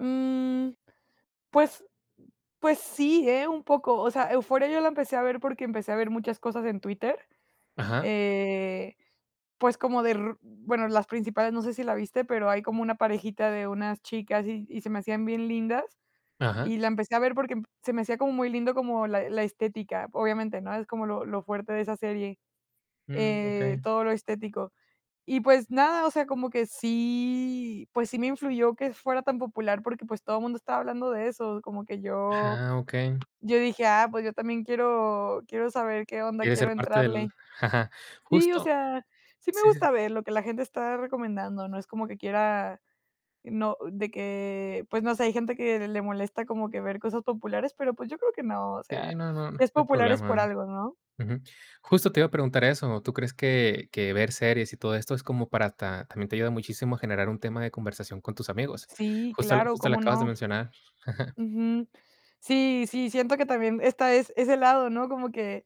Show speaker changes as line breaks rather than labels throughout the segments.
Mm, pues pues sí, ¿eh? Un poco. O sea, Euphoria yo la empecé a ver porque empecé a ver muchas cosas en Twitter.
Ajá.
Eh, pues como de r bueno, las principales, no sé si la viste, pero hay como una parejita de unas chicas y y se me hacían bien lindas,
Ajá.
y la empecé a ver porque se me hacía como muy lindo como la la estética, obviamente, ¿no? Es como lo lo fuerte de esa serie.
Mm.
Eh,
Okey.
todo lo estético. Y pues nada, o sea, como que sí pues sí me influyó que fuera tan popular porque, pues todo mundo estaba hablando de eso, como que yo
Ajá. Okey.
yo dije: "Ah, pues yo también quiero quiero saber qué onda,
Quiere
quiero
ser parte del
entrarle". Sí, o
Justo.
sea, sí me
Sí, sí.
gusta ver lo que la gente está recomendando, ¿no? Es como que quiera no de que pues no sé, hay gente que le molesta como que ver cosas populares, pero pues yo creo que no, o sea,
Sí, no no no
es
hay
popular es por
problema
algo, ¿no?
ujú. Justo te iba a preguntar eso, ¿tú crees que que ver series, y todo esto es como para ta también te ayuda muchísimo a generar un tema de conversación con tus amigos?
Sí,
Justo lo
claro,
justo lo
cómo
acabas de
no.
mencionar.
Ujú. Sí, sí, siento que también está ese ese lado, ¿no? Como que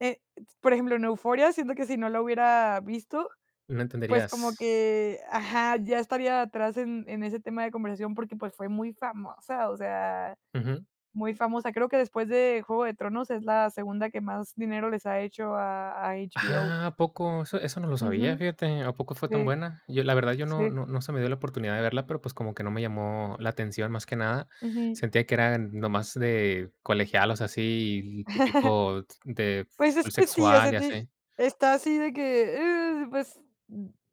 eh por ejemplo, en Euphoria, siento que si no la hubiera visto,
No
pues como
entenderías.
que ajá, ya estaría atrás en en ese tema de conversación porque, pues fue muy famosa, o sea,
Ujú.
muy famosa. Creo que, después de Juego de Tronos, es la segunda que más dinero les ha hecho a a HBO.
¡Ah! ¿A poco? Eso eso no lo sabía,
Ujú.
fíjate, ¿a poco fue tan
Sí.
buena? Yo, la verdad yo no
Sí.
no no se me dio la oportunidad de verla, pero pues como que no me llamó la atención, más que nada.
Pues sí.
Sentía que eran nomás de colegialas, así típico de
Pues es
full
que sí, o sea
sexual, y
de
así.
está así de que, eh pues,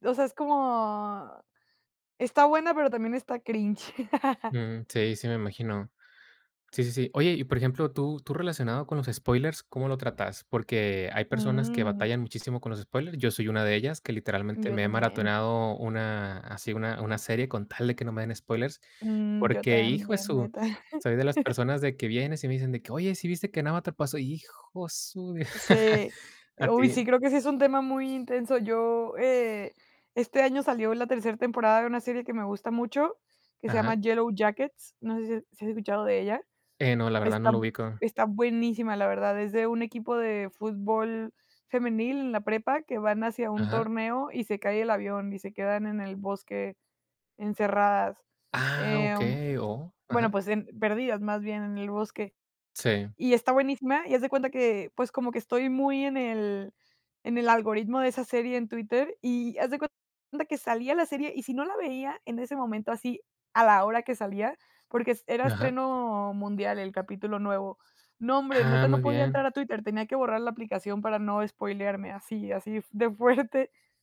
o sea, es como está buena, pero también está cringe.
Mm, sí, sí me imagino. Sí, sí, sí. Oye, y por ejemplo, tú tú relacionado con los spoilers, ¿cómo lo tratas? Porque hay personas que
Mm.
batallan muchísimo con los spoilers, yo soy una de ellas, que literalmente
Yo
me he
también.
maratoneado una así una una serie con tal de que no me den spoilers,
Mm. Yo
porque, hijo de
también,
su
neta.
soy de las personas de que vienes y me dicen de que oye, sí viste que en Avatar pasó hijo de su
Sí. Eh,
A
uy,
ti
sí, creo que sí es un tema muy intenso. Yo eh, este año salió la tercer temporada de una serie que me gusta mucho, que se llama
Ajá.
Yellow Jackets. No sé si has si has escuchado de ella.
Eh, no, la verdad no
Está
lo ubico.
está buenísima, la verdad. Es de un equipo de fútbol femenil, en la prepa, que van hacia un
Ajá.
torneo y se cae el avión y se quedan en el bosque encerradas.
¡Ah!
Em,
Okey. O
bueno
ajá.
pues, em, perdidas más bien en el bosque.
Sí.
Y está buenísima, y haz de cuenta que, pues, como que estoy muy en el en el algoritmo de esa serie en Twitter, y haz de cuenta que salía la serie y si no la veía en ese momento así, a la hora que salía, porque es era
Ajá.
estreno mundial el capítulo nuevo. No, hombre,
Ah,
neta, no
muy
podía
bien.
entrar a Twitter, tenía que borrar la aplicación para no espoilearme así así de fuerte.